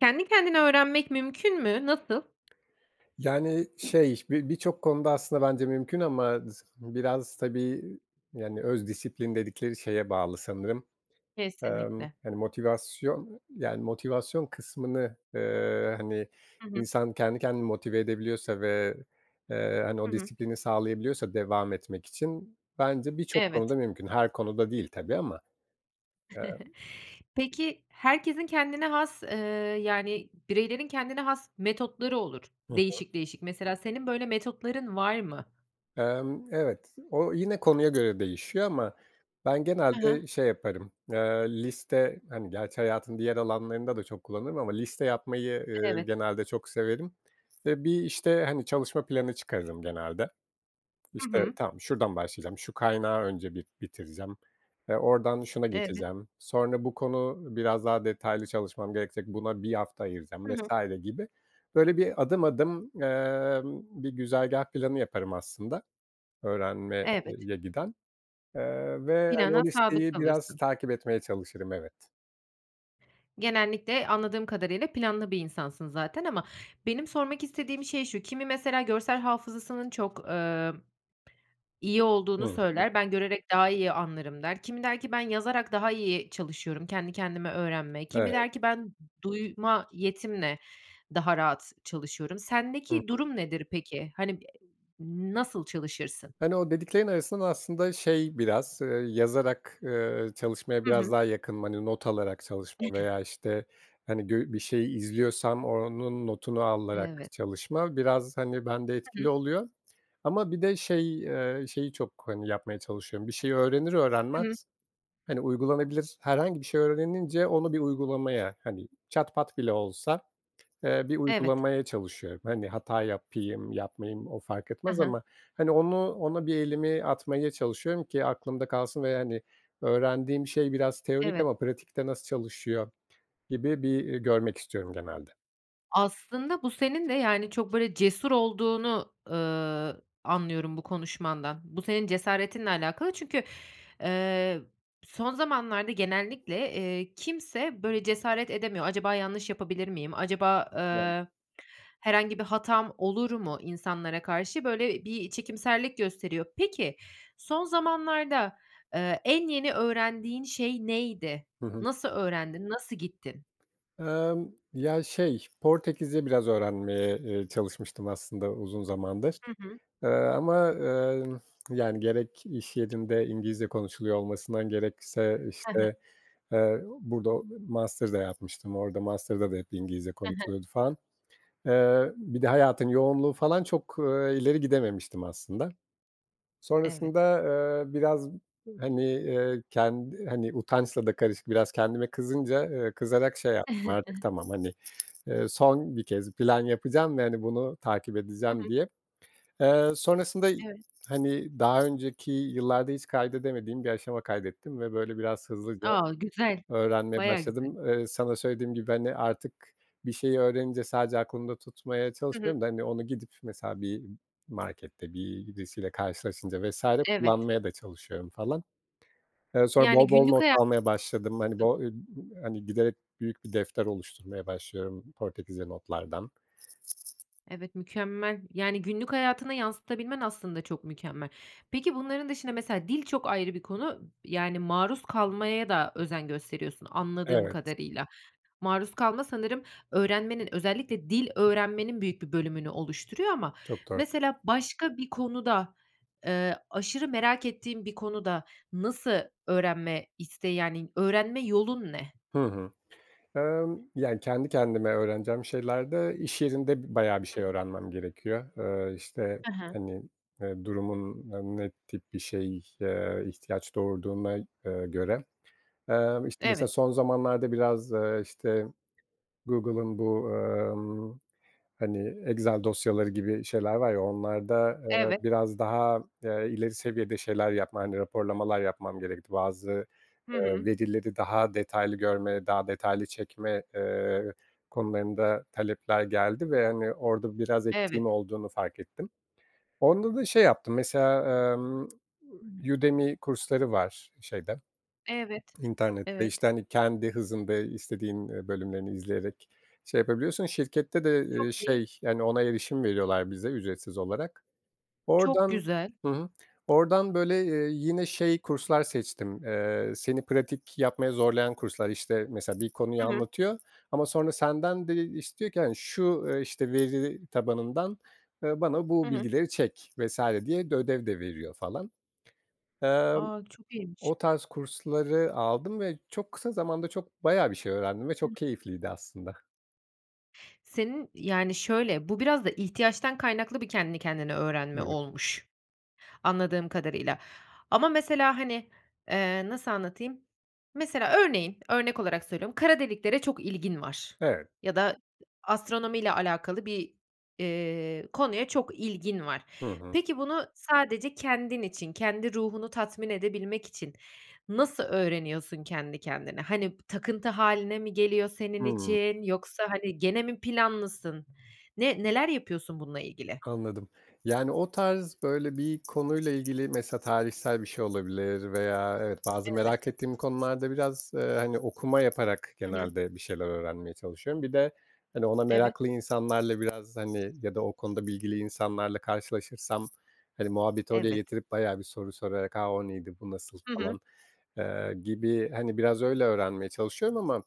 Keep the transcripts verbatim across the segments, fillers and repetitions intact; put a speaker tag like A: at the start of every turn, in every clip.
A: Kendi kendine öğrenmek mümkün mü? Nasıl?
B: Yani, şey, bi birçok konuda aslında bence mümkün ama z biraz, tabii, yani, öz disiplin dedikleri şeye bağlı sanırım. Emm,
A: Kesinlikle.
B: hani, motivasyon, yani, motivasyon kısmını, eee, hani,
A: Hı hı.
B: insan kendi kendini motive edebiliyorsa ve, eee, hani,
A: Hı
B: o
A: hı.
B: disiplini sağlayabiliyorsa devam etmek için bence birçok konuda
A: Evet.
B: mümkün, her konuda değil tabii ama. Emm
A: Peki, herkesin kendine has, eee, yani, bireylerin kendine has metotları olur,
B: Hı hı.
A: değişik değişik. Mesela, senin böyle metotların var mı?
B: Emm, evet, o, yine konuya göre değişiyor ama ben
A: Hı hı.
B: genelde şey yaparım, eee, liste, hani, gerçi hayatın diğer alanlarında da çok kullanırım ama liste yapmayı, eee,
A: Evet.
B: genelde çok severim ve bir, işte, hani, çalışma planı çıkarırım genelde.
A: Hı
B: İşte,
A: hı.
B: tamam, şuradan başlayacağım, şu kaynağı önce bir bitireceğim, eee, oradan şuna
A: Evet.
B: geçeceğim, sonra bu konu biraz daha detaylı çalışmam gerekecek, buna bir hafta ayıracağım
A: Hı hı.
B: vs. gibi. Böyle, bir adım adım, emm, bir güzergâh planı yaparım aslında öğrenme eee,
A: Evet.
B: ye giden, eee, ve, hani,
A: Plana
B: o
A: sadık
B: listeyi biraz
A: kalırsın.
B: takip etmeye çalışırım. Evet.
A: Genellikle anladığım kadarıyla planlı bir insansın zaten ama benim sormak istediğim şey şu: Kimi mesela görsel hafızasının çok, emm, iyi olduğunu
B: [unintelligible]
A: söyler, "Ben görerek daha iyi anlarım." der. Kimi der ki ben yazarak daha iyi çalışıyorum; "Kendi kendime öğrenme..." Kimi
B: Evet.
A: der ki ben duyma yetimle daha rahat çalışıyorum.
B: Hı
A: Sendeki
B: hı.
A: durum nedir peki? Hani, b nasıl çalışırsın?
B: Hani, o dediklerin arasından aslında şey biraz, eee, yazarak, eee, çalışmaya
A: Hı
B: biraz
A: hı.
B: daha yakınım. Hani, not alarak çalışma veya, işte, hani, gö bir şeyi izliyorsam onun notunu alarak
A: Evet.
B: çalışma biraz, hani, bende etkili
A: [unintelligible]
B: oluyor. Ama bir de şey, eee, şeyi çok, hani, yapmaya çalışıyorum: Bir şeyi öğrenir
A: Hı hı.
B: öğrenmez, hani, uygulanabilir herhangi bir şey öğrenince onu bir uygulamaya, hani, çat pat bile olsa, eee, bir
A: Evet.
B: uygulamaya çalışıyorum. Hani, hata yapayım, yapmayayım o fark
A: Hı
B: etmez
A: hı.
B: ama, hani, onu ona bir elimi atmaya çalışıyorum ki aklımda kalsın ve, hani, öğrendiğim şey biraz teorik
A: Evet.
B: ama pratikte nasıl çalışıyor gibi bir, eee, görmek istiyorum genelde.
A: Aslında bu senin ve, yani, çok, böyle, cesur olduğunu, ııı, anlıyorum bu konuşmandan. Bu, senin cesaretinle alakalı çünkü, eee, son zamanlarda genellikle, eee, kimse böyle cesaret edemiyor. Acaba yanlış yapabilir miyim, acaba,
B: Doğru.
A: eee, herhangi bir hatam olur mu insanlara karşı, böyle, bir çekimserlik gösteriyor. Peki, son zamanlarda, eee, en yeni öğrendiğin şey neydi?
B: Hı hı.
A: Nasıl öğrendin, nasıl gittin?
B: Emm, ya, şey, Portekizce biraz öğrenmeye, eee, çalışmıştım aslında uzun zamandır,
A: Hı hı.
B: eee, ama, eee, yani, gerek iş yerinde İngilizce konuşuluyor olmasından, gerekse,
A: He he.
B: işte, eee, burada master da yapmıştım, orada master'da da hep İngilizce
A: He he.
B: konuşuluyordu falan. Eee, bir de hayatın yoğunluğu falan çok, eee, ileri gidememiştim aslında.
A: Evet.
B: Sonrasında, eee, biraz, hani, eee, kendi hani, utançla da karışık, biraz kendime kızınca, eee, kızarak şey yaptım artık, tamam, hani, eee, son bir kez plan yapacağım ve, hani, bunu takip
A: Hı
B: edeceğim
A: hı.
B: diye. Eee, sonrasında,
A: Evet.
B: hani, daha önceki yıllarda hiç kaydedemediğim bir aşama kaydettim ve, böyle, biraz hızlıca
A: A, güzel.
B: öğrenmeye
A: Bayağı güzel.
B: başladım. Eee, sana söylediğim gibi, hani, artık bir şeyi öğrenince sadece aklımda tutmaya
A: Hı hı.
B: çalışmıyorum da, hani, onu gidip mesela bir markette bir birisiyle karşılaşınca vs.
A: Evet.
B: kullanmaya da çalışıyorum falan. Eee, sonra
A: Yani,
B: bol bol
A: günlük
B: not
A: haya
B: almaya başladım. Hani,
A: Hı.
B: bo [unintelligible] hani, giderek büyük bir defter oluşturmaya başlıyorum Portekizce notlardan.
A: Evet, mükemmel. Yani, günlük hayatını yansıtabilmen aslında çok mükemmel. Peki, bunların dışında, mesela, dil çok ayrı bir konu, yani, maruz kalmaya da özen gösteriyorsun anladığım
B: Evet.
A: kadarıyla. Maruz kalma sanırım öğrenmenin, özellikle dil öğrenmenin büyük bir bölümünü oluşturuyor ama
B: Çok doğru.
A: mesela başka bir konuda, eee, aşırı merak ettiğin bir konuda nasıl öğrenme isteği, yani, öğrenme yolun ne?
B: Hı hı. Emm, yani, kendi kendime öğreneceğim şeylerde iş yerinde b bayağı bir
A: Hı
B: şey
A: hı.
B: öğrenmem gerekiyor. Eee, işte,
A: He he.
B: hani, eee, durumun n ne tip bir şey, eee, ihtiyaç doğurduğuna, eee, göre. Eee, işte, mesela
A: Evet.
B: son zamanlarda biraz, eee, işte, Google'ın bu, emm, hani, Excel dosyaları gibi şeyler var ya, onlarda, eee,
A: Evet.
B: biraz daha, eee, ileri seviyede şeyler yapma, hani, raporlamalar yapmam gerekti. Bazı,
A: Hı
B: eee,
A: hı.
B: verileri daha detaylı görme, daha detaylı çekme, eee, konularında talepler geldi ve, hani, orada biraz eksiğim
A: Evet.
B: olduğunu fark ettim. Onda da şey yaptım, mesela, emm, Udemy kursları var şeyde,
A: Evet.
B: internette,
A: Evet.
B: işte, hani, kendi hızında istediğin, eee, bölümlerini izleyerek şey yapabiliyorsun. Şirkette de, iii,
A: Çok iyi.
B: şey, yani, ona erişim veriyorlar bize ücretsiz olarak.
A: Çok
B: Oradan.
A: güzel.
B: Hı hı. Oradan, böyle, eee, yine şey kurslar seçtim, eee, seni pratik yapmaya zorlayan kurslar. İşte, mesela bir konuyu
A: Hı hı.
B: anlatıyor ama sonra senden de istiyor ki, hani, şu, eee, işte, veri tabanından, ııı, bana
A: Hı
B: bu
A: hı.
B: bilgileri çek vs. diye de ödev de veriyor falan. Emm,
A: A, çok iyiymiş.
B: o tarz kursları aldım ve çok kısa zamanda çok bayağı bir şey öğrendim ve çok keyifliydi aslında.
A: Senin, yani, şöyle, bu biraz da ihtiyaçtan kaynaklı bir kendini kendine öğrenme
B: Evet.
A: olmuş, anladığım kadarıyla. Ama mesela, hani, eee, nasıl anlatayım? Mesela, örneğin, örnek olarak söylüyorum, kara deliklere çok ilgin var
B: Evet.
A: ya da astronomiyle alakalı bir, eee, konuya çok ilgin var.
B: Hı hı.
A: Peki, bunu sadece kendin için, kendi ruhunu tatmin edebilmek için nasıl öğreniyorsun kendi kendine? Hani, takıntı hâline mi geliyor senin
B: Hıı.
A: için yoksa, hani, gene mi planlısın? Ne neler yapıyorsun bununla ilgili?
B: Anladım. Yani, o tarz, böyle, bir konuyla ilgili, mesela, tarihsel bir şey olabilir veya evet, bazı
A: Evet.
B: merak ettiğim konularda biraz, eee, hani, okuma yaparak
A: Hı hı.
B: genelde bir şeyler öğrenmeye çalışıyorum. Bir de, hani, ona
A: Evet.
B: meraklı insanlarla biraz, hani, ya da o konuda bilgili insanlarla karşılaşırsam, hani, muhabbeti oraya
A: Evet.
B: getirip bayağı bir soru sorarak, a, o neydi, bu nasıl,
A: Hı hı.
B: falan, eee, gibi, hani, biraz öyle öğrenmeye çalışıyorum ama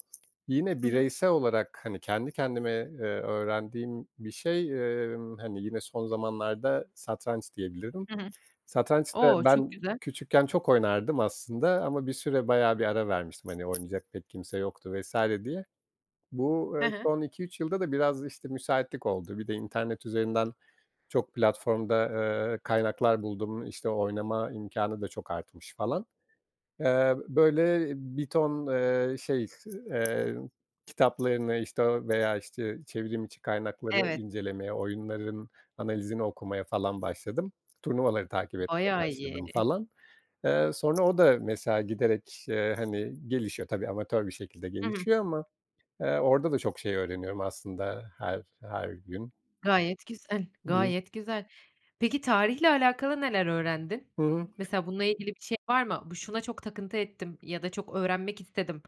B: yine
A: Hı hı.
B: bireysel olarak, hani, kendi kendime, eee, öğrendiğim bir şey, emm, hani, yine son zamanlarda satranç diyebilirim.
A: Hı hı.
B: Satranç da
A: O, çok
B: ben
A: güzel.
B: küçükken çok oynardım aslında ama bir süre bayağı bir ara vermiştim, hani, oynayacak pek kimse yoktu vs. diye. Bu, eee,
A: Hı hı.
B: son iki üç yılda da biraz, işte, müsaitlik oldu. Bir de internet üzerinden çok platformda, eee, kaynaklar buldum. İşte, oynama imkânı da çok artmış falan. Eee, böyle, bir ton, eee, şey, eee, kitaplarını, işte, o veya, işte, çevrim içi kaynakları
A: Evet.
B: incelemeye, oyunların analizini okumaya falan başladım. Turnuvaları takip etmeye
A: Bayağı
B: başladım,
A: iyi.
B: falan. Eee, sonra o da, mesela, giderek, eee, hani, gelişiyor, tabii amatör bir şekilde
A: Hı hı.
B: gelişiyor ama, eee, orada da çok şey öğreniyorum aslında her her gün.
A: Gayet güzel,
B: Hı hı.
A: gayet güzel. Peki, tarihle alakalı neler öğrendin?
B: Hı hı.
A: Mesela, bununla ilgili bir şey var mı? Bu, şuna çok takıntı ettim ya da çok öğrenmek istedim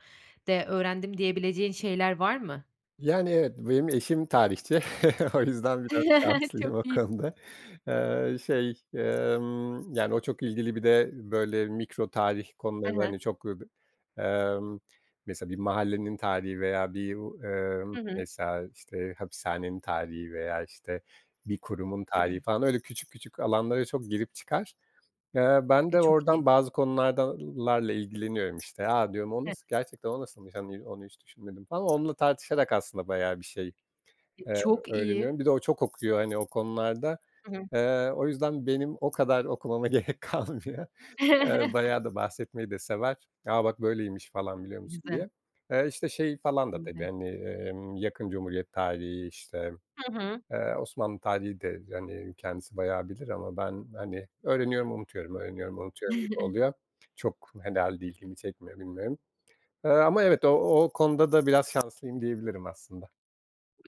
A: de öğrendim diyebileceğin şeyler var mı?
B: Yani, evet, benim eşim tarihçi. O yüzden biraz
A: Çok
B: şanslıyım o
A: iyi.
B: konuda. Eee, şey, emm, yani, o çok ilgili, bir de, böyle, mikro tarih
A: Hı
B: konularında,
A: hı.
B: hani, çok [unintelligible] emm, mesela bir mahallenin tarihi veya bir u emm,
A: Hı hı.
B: mesela, işte, hapishanenin tarihi veya, işte, bir kurumun tarihi falan, öyle küçük küçük alanlara çok girip çıkar. Eee, ben
A: E,
B: de
A: çok iyi.
B: oradan bazı konulardalarla ilgileniyorum, işte. A, diyorum, o
A: Evet.
B: nasıl gerçekten o nasılmış? Hani, onu hiç düşünmedim falan. Onunla tartışarak aslında bayağı bir şey,
A: E,
B: eee,
A: çok iyi.
B: öğreniyorum. Bir de o çok okuyor, hani, o konularda.
A: Hı hı.
B: Eee, o yüzden benim o kadar okumama gerek kalmıyor. Eee, bayağı da bahsetmeyi de sever. A, bak, böyleymiş falan, biliyor musun
A: Güzel.
B: diye. Eee, işte, şey falan da tabii,
A: [unintelligible]
B: hani, emm, yakın Cumhuriyet tarihi, işte,
A: Hı hı.
B: eee, Osmanlı tarihi de, hani, kendisi bayağı bilir ama ben, hani, öğreniyorum, unutuyorum; öğreniyorum, unutuyorum gibi oluyor. Çok herhâlde ilgimi çekmiyor, bilmiyorum. Eee, ama evet, o o konuda da biraz şanslıyım diyebilirim aslında.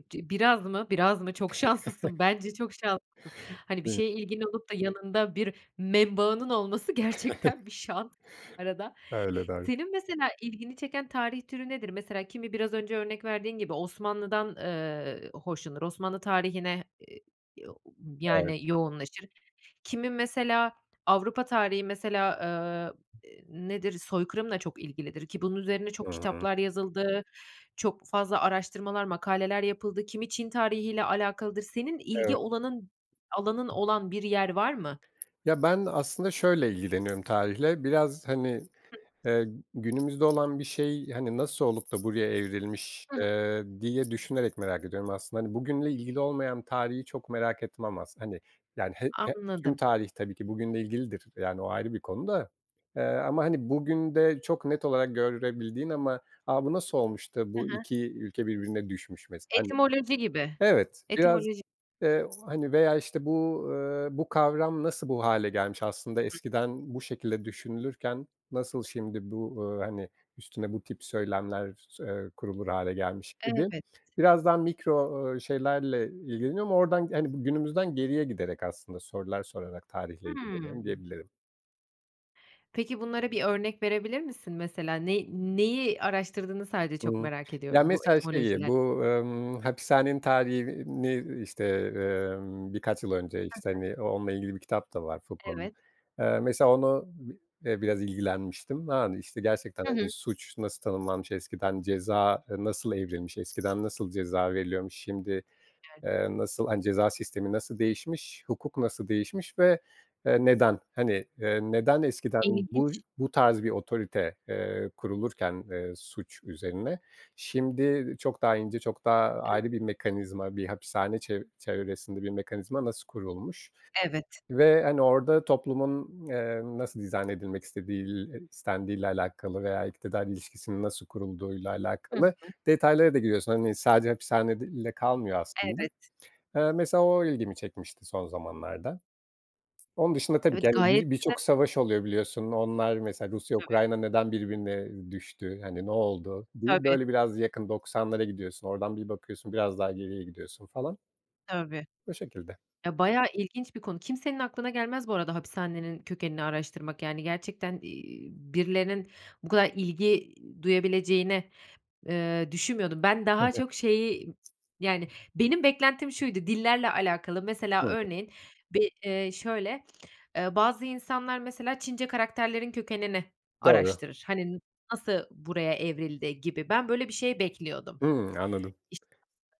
A: Ci biraz mı? Biraz mı? Çok şanslısın, bence çok şanslısın. Hani, bir
B: Değil mi?
A: şeye ilgin olup da yanında bir membağının olması gerçekten bir şans arada.
B: Öyle. Doğru.
A: Senin mesela ilgini çeken tarih türü nedir? Mesela, kimi biraz önce örnek verdiğin gibi, Osmanlı'dan, eee, hoşlanır, Osmanlı tarihine, eee, yo u
B: Evet.
A: yani, yoğunlaşır. Kimi, mesela, Avrupa tarihi, mesela, eee, eee, nedir? Soykırımla çok ilgilidir, ki bunun üzerine çok
B: Hı hı.
A: kitaplar yazıldı, çok fazla araştırmalar, makaleler yapıldı, kimi Çin tarihiyle alakalıdır. Senin ilgi
B: Evet.
A: olanın alanın olan bir yer var mı?
B: Ya, ben aslında şöyle ilgileniyorum tarihle. Biraz, hani,
A: Hı
B: eee, günümüzde olan bir şey, hani, nasıl olup da buraya evrilmiş,
A: Hı hı.
B: eee, diye düşünerek merak ediyorum aslında. Hani, bugünle ilgili olmayan tarihi çok merak etmem as Hani, yani, he he tüm
A: Anladım.
B: tarih tabii ki bugünle ilgilidir, yani, o ayrı bir konu da. Eee, ama, hani, bugünde çok net olarak görebildiğin ama "A! Bu nasıl olmuş da,
A: Hı
B: bu
A: hı.
B: iki ülke birbirine düşmüş?" mesela, hani.
A: Etimoloji gibi,
B: Evet. Biraz,
A: etimoloji
B: eee, hani, veya, işte, bu, eee, bu kavram nasıl bu hâle gelmiş? Aslında
A: Hı hı.
B: eskiden bu şekilde düşünülürken nasıl şimdi bu, eee hani üstüne bu tip söylemler s eee kurulur hâle gelmiş gibi.
A: Evet.
B: Biraz daha mikro, ooo, şeylerle ilgileniyorum oradan, yani, günümüzden geriye giderek aslında sorular sorarak tarihle ilgileniyorum
A: Hımm.
B: diyebilirim.
A: Peki, bunlara bir örnek verebilir misin mesela? Ne neyi araştırdığını sadece çok
B: Iıı.
A: merak
B: Ya,
A: ediyorum bu
B: mesela, şeyi,
A: etimolojiler
B: bu, emm, hapishanenin tarihini, işte, emm, birkaç yıl önce,
A: Hı
B: işte,
A: hı.
B: hani, o onunla ilgili bir kitap da var Foucault'nun.
A: Evet.
B: Eee, mesela onu, bi eee, biraz ilgilenmiştim. Yani işte, gerçekten.
A: Hı
B: Hani,
A: hı.
B: suç nasıl tanımlanmış, eskiden ceza nasıl evrilmiş, eskiden nasıl ceza veriliyormuş, şimdi,
A: [unintelligible]
B: eee, nasıl, hani, ceza sistemi nasıl değişmiş, hukuk nasıl değişmiş ve, eee, neden? Hani, eee, neden eskiden buy
A: İlginç.
B: bu tarz bir otorite, eee, kurulurken, eee, suç üzerine şimdi çok daha ince, çok daha ayrı bir mekanizma, bir hapishane çev çevresinde bir mekanizma nasıl kurulmuş
A: Evet.
B: ve, hani, orada toplumun, eee, nasıl dizayn edilmek istediğil eee, istendiğiyle alakalı veya iktidar ilişkisinin nasıl kurulduğuyla
A: Hı
B: alakalı
A: hı.
B: detaylara da giriyorsun. Hani, sadece hapishanede ile kalmıyor aslında.
A: Evet.
B: Eee, mesela, o ilgimi çekmişti son zamanlarda. Onun dışında tabii ki,
A: Evet,
B: hani,
A: gayet
B: bi
A: güzel.
B: birçok savaş oluyor, biliyorsun, onlar, mesela,
A: Tabii.
B: Rusya-Ukrayna neden birbirine düştü, hani, ne oldu diye,
A: Tabii.
B: böyle, biraz yakın. Doksanlara gidiyorsun, oradan bir bakıyorsun, biraz daha geriye gidiyorsun falan.
A: Tabii.
B: Bu şekilde.
A: Ya, bayağı ilginç bir konu, kimsenin aklına gelmez bu arada hapishanenin kökenini araştırmak. Yani, gerçekten, iii, birilerinin bu kadar ilgi duyabileceğini, eee, düşünmüyordum. Ben daha
B: Evet.
A: çok şeyi, yani, benim beklentim şuydu, dillerle alakalı, mesela,
B: Evet.
A: örneğin, bir, eee, şöyle, eee, bazı insanlar, mesela, Çince karakterlerin kökenini
B: Doğru.
A: araştırır. Hani, "N nasıl buraya evrildi?" gibi ben böyle bir şey bekliyordum.
B: Hımm. Anladım.
A: İşin aslı.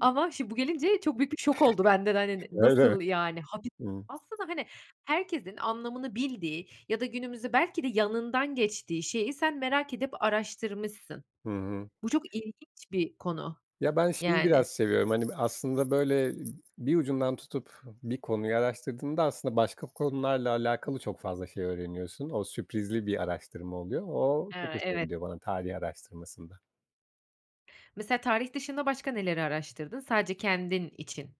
A: Ama şim bu gelince çok büyük bir şok oldu bende de, hani, ne
B: Öyle mi?
A: nasıl yani, hapi
B: Hımm.
A: Aslında, hani, herkesin anlamını bildiği ya da günümüzde belki de yanından geçtiği şeyi sen merak edip araştırmışsın.
B: Hı hı.
A: Bu çok ilginç bir konu
B: Ya, ben şeyi
A: yani.
B: biraz seviyorum, hani, bir, aslında, böyle, bir ucundan tutup bir konuyu araştırdığında aslında başka konularla alakalı çok fazla şey öğreniyorsun. O sürprizli bir araştırma oluyor. O
A: He,
B: çok hoşuma
A: evet.
B: gidiyor bana tarih araştırmasında.
A: Mesela, tarih dışında başka neleri araştırdın? Sadece kendin için.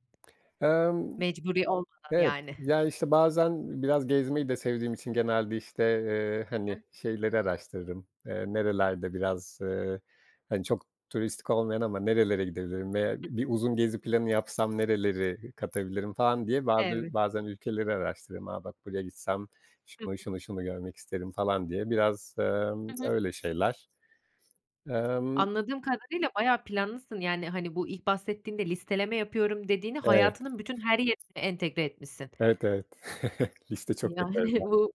B: Emm.
A: Mecburi olmadan
B: Evet,
A: yani.
B: ya, işte, bazen biraz gezmeyi de sevdiğim için genelde, işte, eee, hani,
A: Hı.
B: şeyleri araştırırım, eee, nerelerde biraz, eee, hani, çok turistik olmayan ama nerelere gidebilirim veya bi bir uzun gezi planı yapsam nereleri katabilirim, falan diye bazı
A: Evet.
B: bazen ülkeleri araştırırım. A, bak, buraya gitsem,
A: Hı
B: şunu,
A: hı.
B: şunu, şunu görmek isterim falan diye. Biraz, emm,
A: Hı hı.
B: öyle şeyler. Emm
A: Anladığım kadarıyla bayağı planlısın, yani. Hani, bu ilk bahsettiğinde listeleme yapıyorum dediğini,
B: Evet.
A: hayatının bütün her yerine entegre etmişsin.
B: Evet, evet. Liste çok yaparım
A: Yani,
B: ben.
A: bu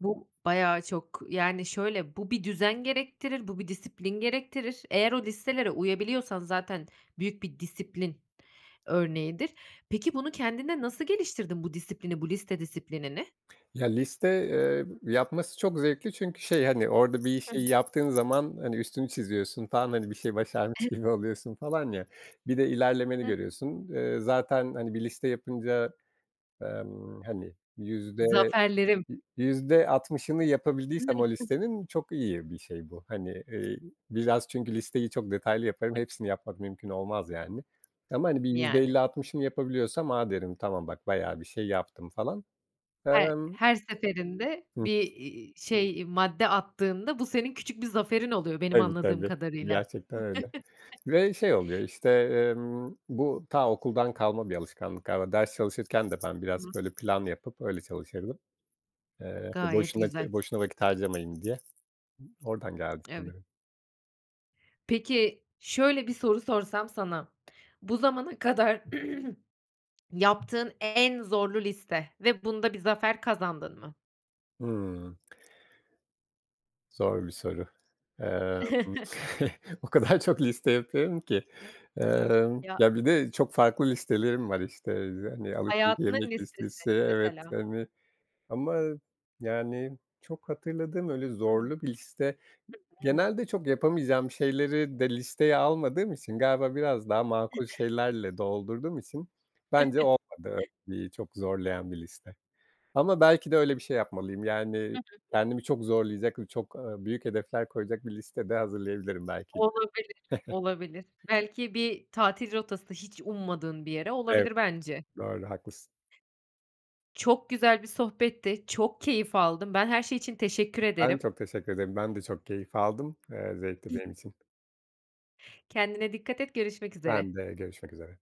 A: bu bayağı çok, yani, şöyle, bu bir düzen gerektirir, bu bir disiplin gerektirir. Eğer o listelere uyabiliyorsan zaten büyük bir disiplin örneğidir. Peki, bunu kendinde nasıl geliştirdin; bu disiplini, bu liste disiplinini?
B: Ya, liste, eee, yapması çok zevkli çünkü şey, hani, orada bir
A: Hı
B: işi
A: hı.
B: yaptığın zaman, hani, üstünü çiziyorsun falan, hani, bir şeyi başarmış
A: Ev
B: gibi oluyorsun falan ya. Bir de ilerlemeni
A: [unintelligible]
B: görüyorsun. Eee, zaten, hani, bir liste yapınca, emm, hani, yüzde,
A: Zaferlerim.
B: yü yüzde altmışını yapabildiysem o listenin, çok iyi bir şey bu. Hani, eee, biraz çünkü listeyi çok detaylı yaparım, hepsini yapmak mümkün olmaz, yani. Ama, hani, bir yüzde
A: Yani.
B: elli altmışını yapabiliyorsam, a, derim, tamam, bayağı bir şey yaptım falan.
A: He
B: Emm
A: her seferinde
B: Hı.
A: bir, iii, şey, madde attığında, bu senin küçük bir zaferin oluyor, benim
B: Tabii,
A: anladığım
B: tabii.
A: kadarıyla.
B: Gerçekten öyle ve şey oluyor, işte, emm bu ta okuldan kalma bir alışkanlık galiba. Ders çalışırken de ben biraz,
A: [unintelligible]
B: böyle, planlı yapıp öyle çalışırdım. Eee, ya,
A: Gayet
B: boşuna
A: güzel.
B: boşuna vakit harcamayayım diye, oradan geldi
A: Evet.
B: sanırım.
A: Peki, şöyle bir soru sorsam sana: Bu zamana kadar yaptığın en zorlu liste ve bunda bir zafer kazandın mı?
B: Hımm. Zor bir soru. Emm, o kadar çok liste yapıyorum ki.
A: [unintelligible]
B: Emm,
A: Ya
B: ya bir de çok farklı listelerim var, işte, eee, hani, alışveriş
A: Hayatının
B: yemek
A: listesi
B: listesi, evet,
A: mesela.
B: hani. Ama, yani, çok hatırladığım öyle
A: Hı
B: zorlu bir liste.
A: [unintelligible]
B: Genelde çok yapamayacağım şeyleri de listeye almadığım için, galiba biraz daha makul şeylerle doldurduğum için bence olmadı bir çok zorlayan bir liste. Ama belki de öyle bir şey yapmalıyım.
A: Hı
B: Yani,
A: hı.
B: kendimi çok zorlayacak ve çok, ııı, büyük hedefler koyacak bir liste de hazırlayabilirim belki.
A: Olabilir. Olabilir. Belki bir tatil rotası, hiç ummadığın bir yere
B: Evet.
A: olabilir bence.
B: Doğru, haklısın.
A: Çok güzel bir sohbetti. Çok keyif aldım. Ben her şey için teşekkür
B: Ben
A: ederim.
B: çok teşekkür ederim. Ben de çok keyif aldım, eee, zevkti benim için.
A: Kendine dikkat et. Görüşmek üzere.
B: Ben de. Görüşmek üzere.